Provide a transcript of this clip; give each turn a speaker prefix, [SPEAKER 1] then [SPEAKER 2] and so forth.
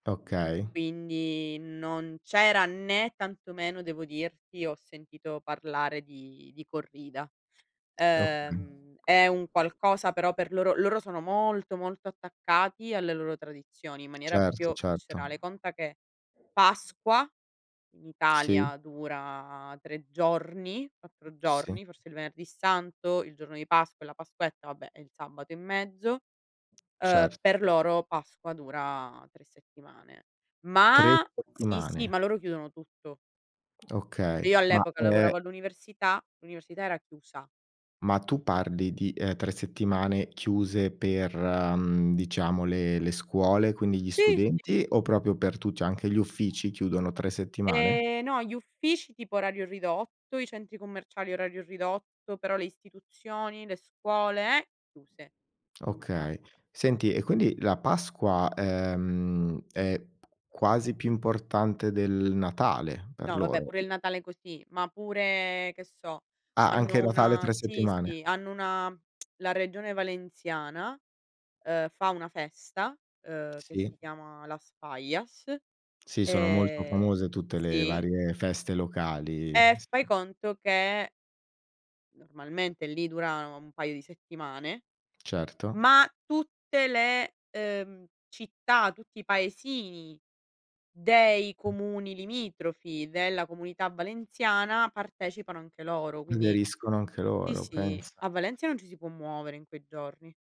[SPEAKER 1] Okay.
[SPEAKER 2] Quindi non c'era né tantomeno devo dirti ho sentito parlare di di corrida.
[SPEAKER 1] Okay.
[SPEAKER 2] Ehm, è un qualcosa però per loro, loro sono molto, molto attaccati alle loro tradizioni in maniera
[SPEAKER 1] Certo,
[SPEAKER 2] proprio
[SPEAKER 1] certo.
[SPEAKER 2] viscerale conta che Pasqua in
[SPEAKER 1] Sì.
[SPEAKER 2] Italia dura 3 giorni, 4
[SPEAKER 1] Sì.
[SPEAKER 2] giorni, forse il Venerdì Santo, il giorno di Pasqua e la Pasquetta, vabbè, e il sabato in mezzo, uhm,
[SPEAKER 1] Cer
[SPEAKER 2] per loro Pasqua dura 3 settimane.
[SPEAKER 1] 3
[SPEAKER 2] Ma sì sì,
[SPEAKER 1] settimane.
[SPEAKER 2] ma loro chiudono tutto.
[SPEAKER 1] Okay,
[SPEAKER 2] Io
[SPEAKER 1] ma
[SPEAKER 2] all'epoca
[SPEAKER 1] e
[SPEAKER 2] lavoravo all'università, l'università era chiusa.
[SPEAKER 1] Ma tu parli di eh 3 settimane chiuse per, mhmm, diciamo le le scuole, quindi gli
[SPEAKER 2] Sì, sì.
[SPEAKER 1] studenti o proprio per tu cioè anche gli uffici chiudono 3 settimane?
[SPEAKER 2] E no, gli uffici tipo orario ridotto, i centri commerciali, orario ridotto, però le istituzioni, le scuole, eh, chiuse. In
[SPEAKER 1] Okay,
[SPEAKER 2] vacanza.
[SPEAKER 1] senti e quindi la Pasqua ehm è p quasi più importante del Natale per
[SPEAKER 2] No vabbè
[SPEAKER 1] loro?
[SPEAKER 2] pure il Natale è così, ma pure che so,
[SPEAKER 1] Ah anche
[SPEAKER 2] hanno
[SPEAKER 1] Natale
[SPEAKER 2] una
[SPEAKER 1] 3
[SPEAKER 2] sì,
[SPEAKER 1] settimane.
[SPEAKER 2] sì, hanno una la regione Valenciana uhm, fa una festa, uhm, che
[SPEAKER 1] Sì.
[SPEAKER 2] si chiama Las Fallas
[SPEAKER 1] Si, sono molto
[SPEAKER 2] e
[SPEAKER 1] famose tutte le
[SPEAKER 2] sì.
[SPEAKER 1] varie feste locali.
[SPEAKER 2] E fai conto che normalmente lì durano un paio di settimane,
[SPEAKER 1] Certo.
[SPEAKER 2] ma tutte le uhm città, tutti i paesini dei comuni limitrofi della comunità Valenciana partecipano anche loro quindi
[SPEAKER 1] Aderiscono anche
[SPEAKER 2] sì,
[SPEAKER 1] loro,
[SPEAKER 2] sì,
[SPEAKER 1] pensa.
[SPEAKER 2] a Valencia non ci si può muovere in quei giorni.